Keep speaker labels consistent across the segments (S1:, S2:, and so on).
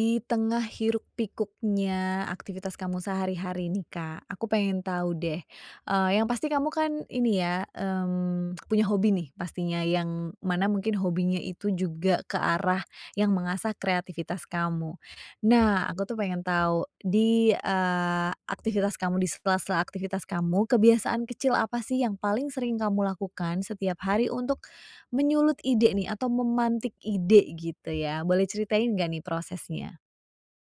S1: Di tengah hiruk pikuknya aktivitas kamu sehari-hari nih Kak, aku pengen tahu deh, eee, yang pasti kamu kan ini ya, mmm, punya hobi nih pastinya yang mana mungkin hobinya itu juga ke arah yang mengasah kreativitas kamu. Nah, aku tuh pengen tahu di, eee, aktivitas kamu, di sela-sela aktivitas kamu, kebiasaan kecil apa sih yang paling sering kamu lakukan setiap hari untuk menyulut ide nih? Atau memantik ide, gitu, ya? Boleh ceritain enggak nih prosesnya?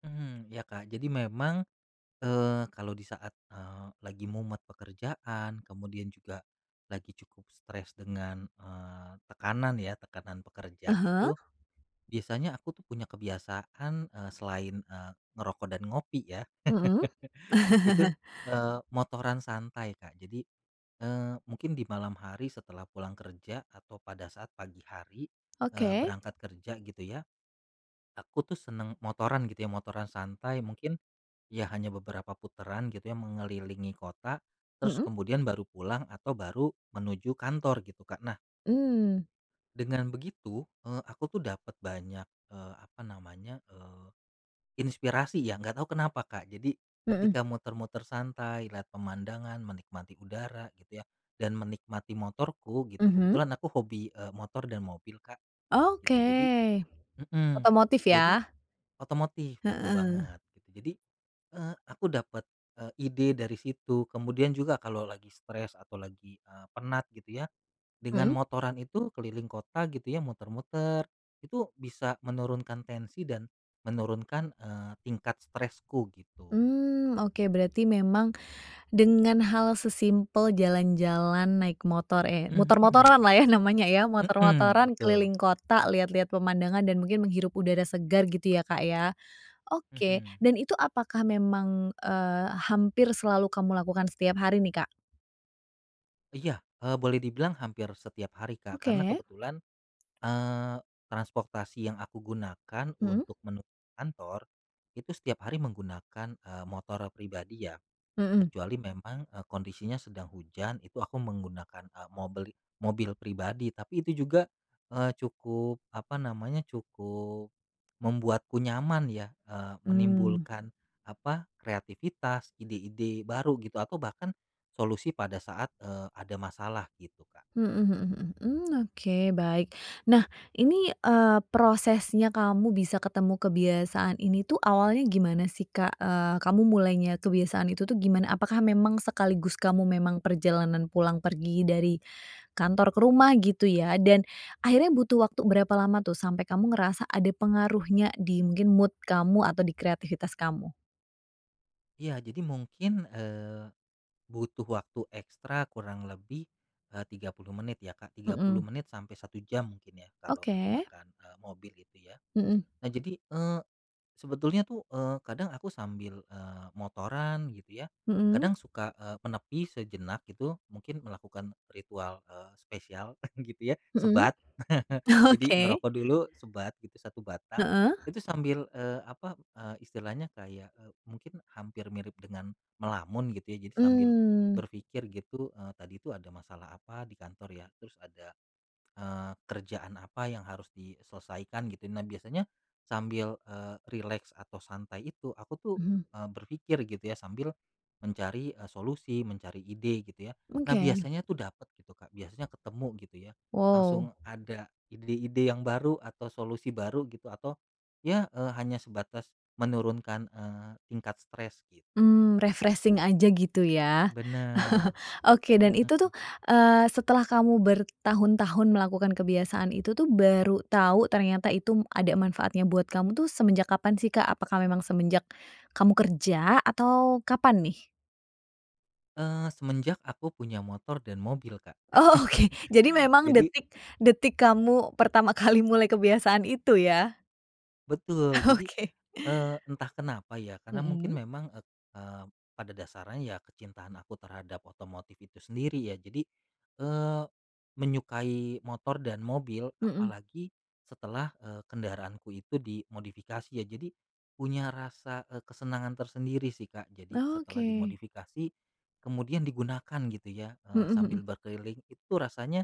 S2: Hmm. Iya Kak. Jadi memang, eee, kalau di saat, eee, lagi mumet pekerjaan kemudian juga lagi cukup stres dengan, eee, tekanan ya, tekanan
S1: Ah
S2: pekerjaan
S1: hah.
S2: itu, biasanya aku tuh punya kebiasaan, eee, selain, eee, ngerokok dan ngopi ya.
S1: Mhm.
S2: Itu, eee, motoran santai Kak. Jadi, eee, mungkin di malam hari setelah pulang kerja atau pada saat pagi hari, eee,
S1: Oke.
S2: berangkat kerja gitu ya. Aku tuh senang motoran gitu ya. Motoran santai mungkin, iya hanya beberapa putaran gitu ya, mengelilingi kota, terus
S1: Mhm.
S2: kemudian baru pulang atau baru menuju kantor gitu Kak. Nah
S1: Mmm.
S2: dengan begitu, eee, aku tuh dapat banyak, eee, apa namanya, eee, inspirasi ya. Enggak tahu kenapa Kak. Jadi,
S1: Mhm.
S2: ketika muter-muter santai, lihat pemandangan, menikmati udara gitu ya dan menikmati motorku gitu.
S1: Mhm.
S2: Kebetulan aku hobi, eee, motor dan mobil Kak gitu. Jadi
S1: Oke.
S2: mhm,
S1: Otomotif,
S2: jadi
S1: ya?
S2: otomotif betul
S1: Heeh.
S2: banget gitu. Jadi, eee, aku dapat, eee, ide dari situ. Kemudian juga kalau lagi stres atau lagi, eee, penat gitu ya, dengan
S1: Mhm.
S2: motoran itu keliling kota gitu ya muter-muter, itu bisa menurunkan tensi dan menurunkan, eee, tingkat stresku, gitu.
S1: Mmm, oke. Berarti memang dengan hal sesimpel jalan-jalan naik motor, eh,
S2: Mmm, hmm.
S1: motor-motoranlah ya namanya ya,
S2: Mhm,
S1: motor-motoran
S2: betul.
S1: keliling kota lihat-lihat pemandangan dan mungkin menghirup udara segar gitu ya Kak, ya? Oke,
S2: Mhm.
S1: dan itu apakah memang, eee, hampir selalu kamu lakukan setiap hari nih, Kak?
S2: Iya. Eee, boleh dibilang hampir setiap hari Kak karena
S1: Oke.
S2: kebetulan, eee, transportasi yang aku gunakan
S1: Mhm.
S2: untuk menuju kantor itu setiap hari menggunakan, eee, motor pribadi ya.
S1: Mhm.
S2: Kecuali memang, eee, kondisinya sedang hujan itu aku menggunakan, eee, mobli mobil pribadi, tapi itu juga, eee, cukup, apa namanya, cukup membuatku nyaman ya, eee,
S1: Mmm.
S2: menimbulkan, apa, kreatifitas, ide-ide baru gitu atau bahkan solusi pada saat, eee, ada masalah, gitu Kak.
S1: Mhm mhm mhm. Mmm, oke baik. Nah, ini, eee, prosesnya kamu bisa ketemu kebiasaan ini tuh awalnya gimana sih, Kak? Eee, kamu mulainya kebiasaan itu tuh gimana? Apakah memang sekaligus kamu memang perjalanan pulang pergi dari kantor ke rumah gitu, ya? Dan akhirnya butuh waktu berapa lama tuh sampai kamu ngerasa ada pengaruhnya di mungkin mood kamu atau di kreativitas kamu?
S2: Iya. Jadi mungkin, eee, butuh waktu ekstra kurang lebih, eee, 30 menit ya Kak, 30
S1: Mhm.
S2: menit sampai 1 jam mungkin ya kalau
S1: Oke.
S2: menggunakan, eee, mobil itu ya.
S1: Mhm.
S2: Nah, jadi, eee, sebetulnya tuh, eee, kadang aku sambil, eee, motoran gitu ya.
S1: Mhm.
S2: Kadang suka, eee, menepi sejenak gitu. Mungkin melakukan ritual, eee, spesial gitu ya,
S1: Mhm.
S2: sebat. Jadi
S1: Oke.
S2: ngerokok dulu sebat gitu 1 batang.
S1: Heeh.
S2: Itu sambil, eee, apa, eee, istilahnya kayak, eee, mungkin hampir mirip dengan melamun gitu ya. Jadi sambil
S1: Mmm.
S2: berpikir gitu, eee, "Tadi tuh ada masalah apa di kantor ya? Terus ada, eee, kerjaan apa yang harus diselesaikan?" Gitu. Nah, biasanya sambil, eee, rileks atau santai itu, aku tuh,
S1: Hmm.
S2: eee, berpikir gitu ya sambil mencari, eee, solusi, mencari ide gitu ya. Nah,
S1: Oke.
S2: biasanya tuh dapat gitu Kak, biasanya ketemu gitu ya.
S1: Wow.
S2: Langsung ada ide-ide yang baru atau solusi baru gitu atau ya, eee, hanya sebatas menurunkan, eee, tingkat stres, gitu.
S1: Mmm, refreshing aja gitu, ya?
S2: Benar.
S1: oke dan itu tuh,
S2: Mhm.
S1: eee, setelah kamu bertahun-tahun melakukan kebiasaan itu tuh baru tahu ternyata itu ada manfaatnya buat kamu tuh semenjak kapan sih, Kak? Apakah memang semenjak kamu kerja atau kapan nih?
S2: Eee, semenjak aku punya motor dan mobil Kak.
S1: Oh, oke. Jadi memang
S2: Jadi
S1: detik detik kamu pertama kali mulai kebiasaan itu, ya?
S2: Betul. Jadi,
S1: Oke.
S2: eee, entah kenapa ya, karena mungkin
S1: Mhm.
S2: memang et eee, pada dasarnya ya kecintaan aku terhadap otomotif itu sendiri ya jadi, eee, menyukai motor dan mobil.
S1: Mhm.
S2: Apalagi setelah, eee, kendaraanku itu dimodifikasi ya. Jadi punya rasa, eee, kesenangan tersendiri sih Kak. Jadi setelah
S1: Oke.
S2: dimodifikasi kemudian digunakan gitu ya, eee,
S1: Mhm
S2: sambil
S1: mhm.
S2: berkeliling, itu tuh rasanya,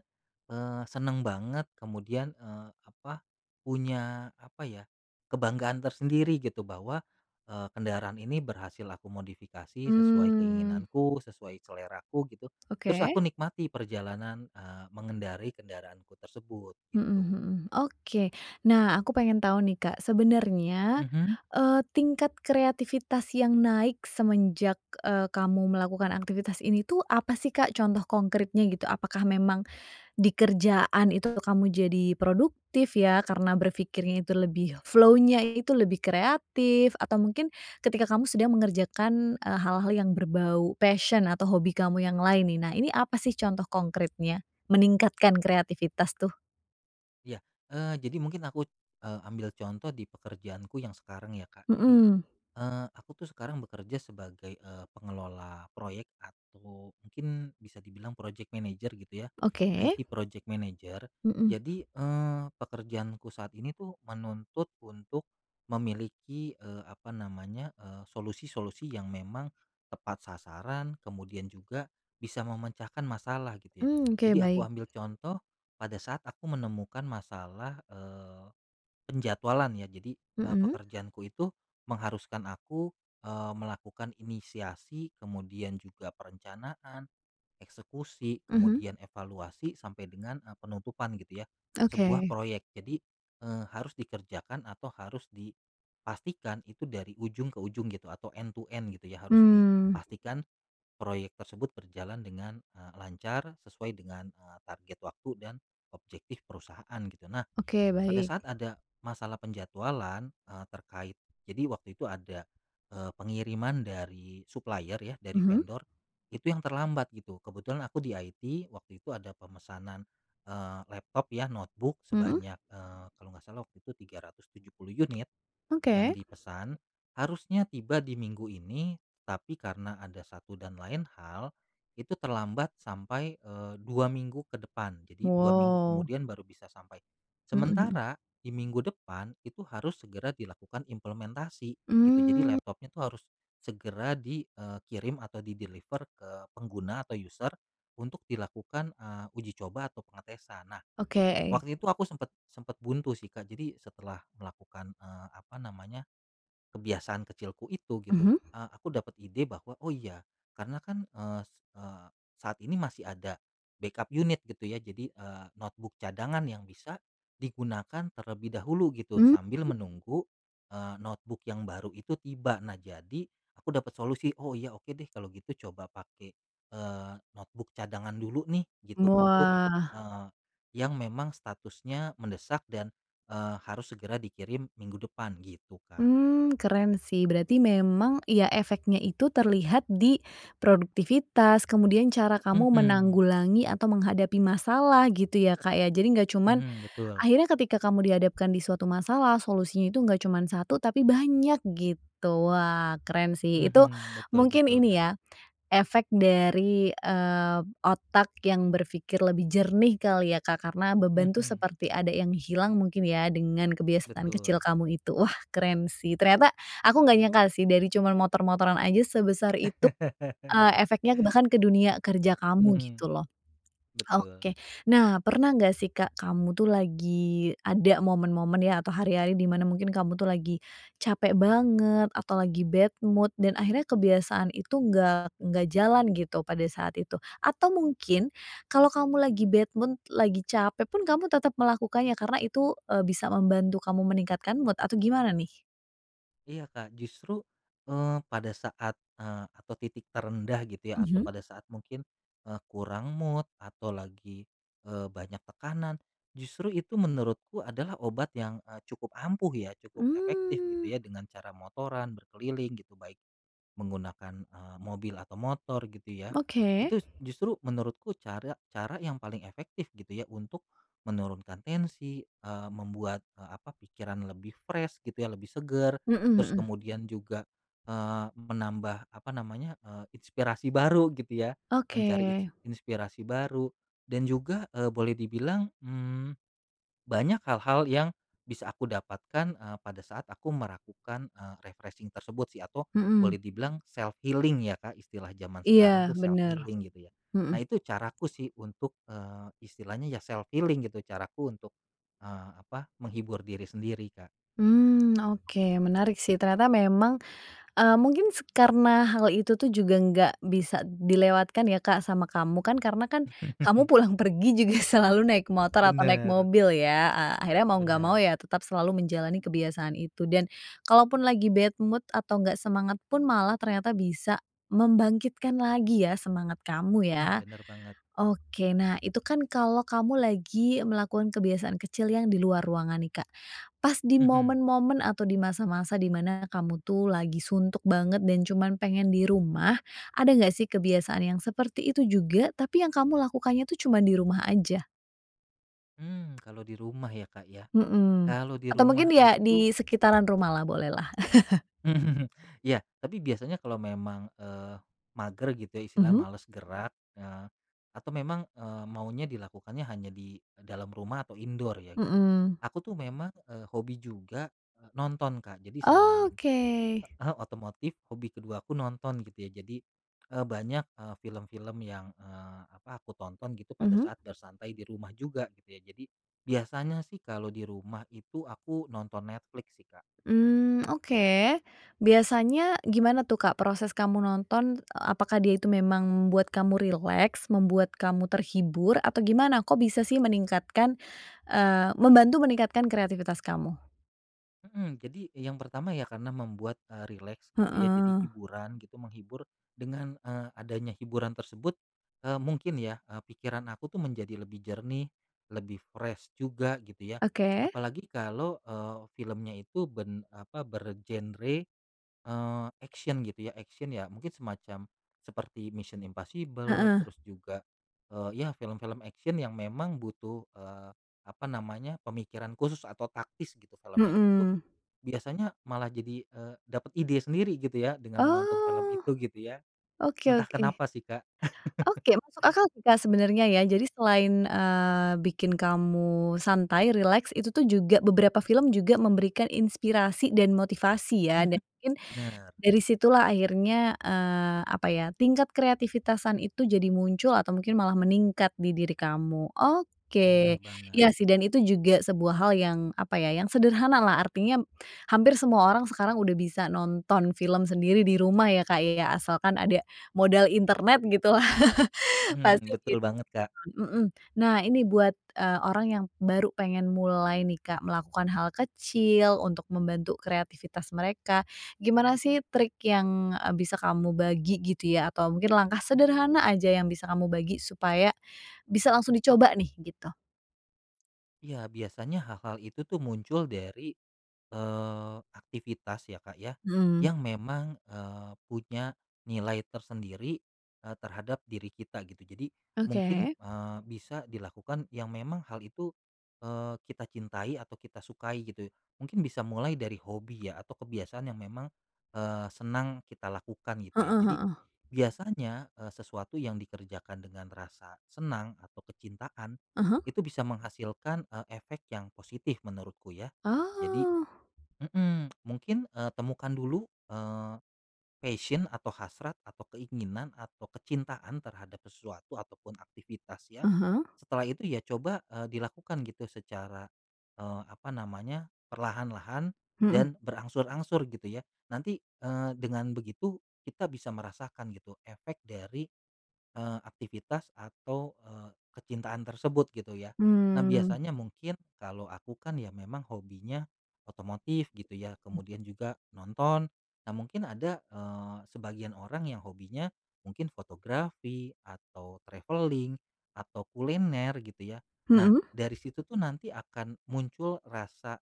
S2: eee, senang banget, kemudian, eee, apa, punya, apa ya, kebanggaan tersendiri gitu bahwa, eee, kendaraan ini berhasil aku modifikasi sesuai
S1: Mmm.
S2: keinginanku, sesuai seleraku gitu. Terus aku
S1: Oke.
S2: nikmati perjalanan, eee, mengendarai kendaraanku tersebut,
S1: Mhm
S2: gitu.
S1: mhm. Oke. Nah, aku pengen tahu nih Kak, sebenarnya,
S2: Mhm.
S1: eee, tingkat kreativitas yang naik semenjak, eee, kamu melakukan aktivitas ini tuh apa sih Kak contoh konkritnya gitu? Apakah memang di kerjaan itu kamu jadi produktif ya karena berpikirnya itu lebih flow-nya itu lebih kreatif, atau mungkin ketika kamu sedang mengerjakan, eee, hal-hal yang berbau passion atau hobi kamu yang lain nih. Nah, ini apa sih contoh kongkritnya meningkatkan kreativitas tuh?
S2: Iya. Eee, jadi mungkin aku, eee, ambil contoh di pekerjaanku yang sekarang ya Kak. Jadi,
S1: Mhm.
S2: eee, aku tuh sekarang bekerja sebagai, eee, pengelola proyek atau mungkin bisa dibilang project manager gitu ya.
S1: Oke.
S2: IT project manager.
S1: Mhm.
S2: Jadi, eee, pekerjaanku saat ini tuh menuntut untuk memiliki, eee, apa namanya, eee, solusi-solusi yang memang tepat sasaran kemudian juga bisa memecahkan masalah gitu ya.
S1: Mmm, oke
S2: Jadi, aku
S1: baik.
S2: ambil contoh pada saat aku menemukan masalah, eee, penjadwalan ya. Jadi, eee,
S1: Mhm.
S2: pekerjaanku itu mengharuskan aku, eee, melakukan inisiasi kemudian juga perencanaan, eksekusi,
S1: Mhm.
S2: kemudian evaluasi sampai dengan, eee, penutupan gitu ya, sebuah
S1: Oke.
S2: proyek. Jadi, eee, harus dikerjakan atau harus dipastikan itu dari ujung ke ujung gitu atau end to end gitu ya. Harus
S1: Mmm.
S2: dipastikan proyek tersebut berjalan dengan, eee, lancar sesuai dengan, eee, target waktu dan objektif perusahaan gitu. Nah,
S1: Oke
S2: pada
S1: baik.
S2: saat ada masalah penjadwalan, eee, terkait jadi waktu itu ada, eee, pengiriman dari supplier ya, dari
S1: Mhm.
S2: vendor itu yang terlambat gitu. Kebetulan aku di IT waktu itu ada pemesanan, eee, laptop ya notebook
S1: Mhm.
S2: sebanyak, eee, kalau enggak salah waktu itu 370 unit yang
S1: Oke.
S2: dipesan. Harusnya tiba di minggu ini, tapi karena ada satu dan lain hal, itu terlambat sampai, eee, 2 minggu ke depan, jadi 2 minggu
S1: Wow.
S2: kemudian baru bisa sampai.
S1: Mhm mhm.
S2: Sementara di minggu depan itu harus segera dilakukan implementasi gitu, jadi
S1: Mmm.
S2: laptopnya tuh harus segera di, eee, kirim atau di-deliver ke pengguna atau user untuk dilakukan, eee, uji coba atau pengetesan. Nah,
S1: Oke.
S2: waktu itu aku sempat sempat buntu sih Kak. Jadi, setelah melakukan, eee, apa namanya, kebiasaan kecilku itu gitu,
S1: Mhm.
S2: eee, aku dapat ide bahwa, "Oh iya karena kan," eee eee, "saat ini masih ada backup unit." Gitu ya, jadi, eee, notebook cadangan yang bisa digunakan terlebih dahulu gitu
S1: Mmm.
S2: sambil menunggu, eee, notebook yang baru itu tiba. Nah, jadi aku dapat solusi, "Oh iya. Oke deh kalau gitu coba pakai, eee, notebook cadangan dulu nih." Gitu untuk,
S1: Wah.
S2: eee, yang memang statusnya mendesak dan, eee, harus segera dikirim minggu depan, gitu Kak.
S1: Mmm. Keren sih. Berarti memang, iya efeknya itu terlihat di produktivitas kemudian cara kamu
S2: Mhm.
S1: menanggulangi atau menghadapi masalah gitu ya Kak, ya? Jadi enggak cuman,
S2: Mhm, betul.
S1: akhirnya ketika kamu dihadapkan di suatu masalah solusinya itu enggak cuman 1, tapi banyak gitu. Wah, keren sih. Itu
S2: Mhm, betul
S1: mungkin
S2: betul,
S1: ini
S2: Kak.
S1: ya, efek dari, eee, otak yang berpikir lebih jernih kali ya Kak, karena beban tuh
S2: Mhm.
S1: seperti ada yang hilang mungkin ya dengan kebiasaan
S2: Betul.
S1: kecil kamu itu. Wah, keren sih. Ternyata aku enggak nyangka sih dari cuma motor-motoran aja sebesar itu, eee, efeknya bahkan ke dunia kerja kamu
S2: Mhm.
S1: gitu loh.
S2: Betul.
S1: oke. Nah, pernah enggak sih Kak, kamu tuh lagi ada momen-momen ya atau hari-hari di mana mungkin kamu tuh lagi capek banget atau lagi bad mood dan akhirnya kebiasaan itu enggak enggak jalan gitu pada saat itu? Atau mungkin kalau kamu lagi bad mood lagi capek pun kamu tetap melakukannya karena itu, eee, bisa membantu kamu meningkatkan mood? atau gimana nih?
S2: Iya, Kak. Justru, eee, pada saat eee, atau titik terendah gitu ya atau
S1: Mhm.
S2: pada saat mungkin, eee, kurang mood atau lagi, eee, banyak tekanan, justru itu menurutku adalah obat yang, eee, cukup ampuh ya, cukup efektif gitu
S1: Mmm.
S2: ya dengan cara motoran berkeliling gitu, baik menggunakan, eee, mobil atau motor gitu ya.
S1: Oke.
S2: Itu justru menurutku cara cara yang paling efektif gitu ya untuk menurunkan tensi, eee, membuat, eee, apa, pikiran lebih fresh gitu ya, lebih segar.
S1: Mhm
S2: Terus
S1: mhm.
S2: kemudian juga, eee, menambah, apa namanya, eee, inspirasi baru gitu ya, mencari
S1: Oke.
S2: ins inspirasi baru dan juga, eee, boleh dibilang, mmm, banyak hal-hal yang bisa aku dapatkan, eee, pada saat aku meragukan, eee, refreshing tersebut sih atau boleh
S1: Mhm.
S2: dibilang self healing ya Kak, istilah jaman sekarang
S1: Iya,
S2: tuh self
S1: benar.
S2: healing gitu ya. Nah,
S1: Mhm.
S2: itu caraku sih untuk, eee, istilahnya ya self healing gitu caraku untuk, eee, apa, menghibur diri sendiri Kak.
S1: Mmm. Oke, menarik sih. Ternyata memang, eee, mungkin karena hal itu tuh juga enggak bisa diilewatkan ya Kak sama kamu kan karena kan kamu pulang pergi juga selalu naik motor atau naik
S2: Benar.
S1: mobil, ya? Ah, akhirnya mau enggak mau
S2: Benar.
S1: ya tetap selalu menjalani kebiasaan itu dan kalau pun lagi bad mood atau enggak semangat pun malah ternyata bisa membangkitkan lagi ya semangat kamu,
S2: Hmm,
S1: ya?
S2: benar banget.
S1: Oke. Nah, itu kan kalau kamu lagi melakukan kebiasaan kecil yang di luar ruangan nih Kak. Pas di
S2: Mhm.
S1: momen-momen atau di masa-masa di mana kamu tuh lagi suntuk banget dan cuma pengen di rumah, ada enggak sih kebiasaan yang seperti itu juga, tapi yang kamu lakukannya tuh cuma di rumah aja?
S2: Mmm, kalau di rumah ya Kak, ya?
S1: Mhm,
S2: Kalau di
S1: atau
S2: rumah
S1: mungkin ya
S2: itu
S1: disekitaran rumah lah boleh lah.
S2: Iya, tapi biasanya kalau memang, eee, mager gitu ya, istilahnya
S1: Mhm.
S2: malas gerak, eee, atau memang, eee, maunya dilakukannya hanya di dalam rumah atau indoor ya gitu.
S1: Mhm.
S2: Aku tuh memang, eee, hobi juga, eee, nonton Kak. Jadi selain
S1: Oke.
S2: heeh, otomotif, hobi keduaku nonton gitu ya. Jadi, eee, banyak, eee, film-film yang, eee, apa, aku tonton gitu pada
S1: Mhm.
S2: saat bersantai di rumah juga gitu ya. Jadi biasanya sih kalo di rumah itu aku nonton Netflix sih, Kak.
S1: Mmm, oke. Biasanya gimana tuh Kak proses kamu nonton? Apakah dia itu memang membuat kamu rileks? Membuat kamu terhibur? Atau gimana? Kok bisa sih meningkatkan eee, membantu meningkatkan kreativitas kamu?
S2: Mhm. Jadi yang pertama ya karena membuat, eee, rileks gitu ya, jadi
S1: Heeh.
S2: hiburan gitu, menghibur, dengan, eee, adanya hiburan tersebut, eee, mungkin ya, eee, pikiran aku tuh menjadi lebih jernih, lebih fresh juga gitu ya.
S1: Oke.
S2: Apalagi kalau, eee, filmnya itu ben apa bergenre, eee, action gitu ya, action ya mungkin semacam seperti Mission: Impossible
S1: Heeh.
S2: terus juga, eee, ya film-film action yang memang butuh, eee, apa namanya, pemikiran khusus atau taktis gitu, filmnya itu tuh
S1: Mhm.
S2: biasanya malah jadi, eee, dapat ide sendiri gitu ya dengan menonton film
S1: Oh.
S2: itu gitu ya.
S1: Oke
S2: Entah
S1: oke.
S2: kenapa sih Kak.
S1: Oke. Masuk akal sih Kak sebenarnya ya. Jadi selain, eee, bikin kamu santai, rileks, itu tuh juga beberapa film juga memberikan inspirasi dan motivasi ya
S2: Mhm.
S1: dan mungkin
S2: Benar.
S1: dari situ lah akhirnya, eee, apa ya, tingkat kreativitasan itu jadi muncul atau mungkin malah meningkat di diri kamu.
S2: Benar
S1: Oke. Iya
S2: banget.
S1: sih dan itu juga sebuah hal yang, apa ya, yang sederhana lah, artinya hampir semua orang sekarang udah bisa nonton film sendiri di rumah ya Kak ya, asalkan ada modal internet gitulah, pasti
S2: betul
S1: begitu
S2: banget, Kak.
S1: kan. Mhm. Nah, ini buat, eee, orang yang baru pengen mulai nih Kak melakukan hal kecil untuk membantu kreativitas mereka, gimana sih trik yang, eee, bisa kamu bagi gitu ya atau mungkin langkah sederhana aja yang bisa kamu bagi supaya bisa langsung dicoba nih, gitu?
S2: Iya. Biasanya hal-hal itu tuh muncul dari, eee, aktivitas ya Kak ya,
S1: Hmm.
S2: yang memang, eee, punya nilai tersendiri, eee, terhadap diri kita gitu. Jadi, mungkin,
S1: Oke.
S2: eee, bisa dilakukan yang memang hal itu, eee, kita cintai atau kita sukai gitu. Mungkin bisa mulai dari hobi ya atau kebiasaan yang memang, eee, senang kita lakukan gitu ya.
S1: Heeh
S2: Jadi
S1: heeh.
S2: biasanya, eee, sesuatu yang dikerjakan dengan rasa senang atau kecintaan
S1: Ah hah.
S2: itu bisa menghasilkan, eee, efek yang positif menurutku ya. Jadi
S1: Oh.
S2: mhm, mungkin, eee, temukan dulu, eee, passion atau hasrat atau keinginan atau kecintaan terhadap sesuatu atau pun aktivitas ya.
S1: Ah hah.
S2: Setelah itu ya coba, eee, dilakukan gitu secara, eee, apa namanya, perlahan-lahan
S1: Mhm.
S2: dan berangsur-angsur gitu ya. Nanti, eee, dengan begitu kita bisa merasakan gitu efek dari, eee, aktivitas atau, eee, kecintaan tersebut gitu ya. Nah,
S1: Mmm.
S2: biasanya mungkin, kalau aku kan ya memang hobinya otomotif gitu ya, kemudian juga nonton, nah mungkin ada, eee, sebagian orang yang hobinya mungkin fotografi atau travelling atau kuliner gitu ya. Nah,
S1: Mhm.
S2: dari situ tuh nanti akan muncul rasa,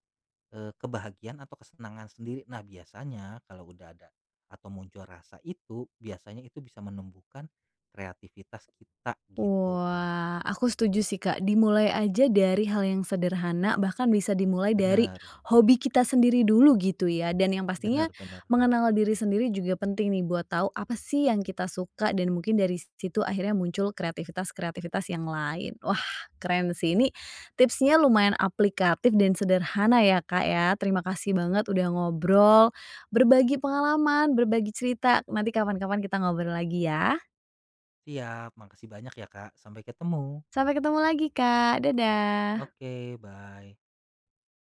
S2: eee, kebahagiaan atau kesenangan sendiri. Nah, biasanya kalau udah ada atau muncul rasa itu biasanya itu bisa menumbuhkan kreativitas kita, gitu Kak.
S1: Wah. Aku setuju sih Kak. Dimulai aja dari hal yang sederhana bahkan bisa dimulai dari
S2: Benar.
S1: hobi kita sendiri dulu gitu ya dan yang pastinya
S2: Benar benar.
S1: mengenal diri sendiri juga penting nih buat tahu apa sih yang kita suka dan mungkin dari situ akhirnya muncul kreatifitas-kreatifitas yang lain. Wah! Keren sih. Ini tipsnya lumayan aplikatif dan sederhana ya Kak ya. Terima kasih banget udah ngobrol, berbagi pengalaman, berbagi cerita, nanti kapan-kapan kita ngobrol lagi ya.
S2: Iya. Makasih banyak ya Kak. Sampai ketemu.
S1: Sampai ketemu lagi Kak. Dadah.
S2: Oke bye.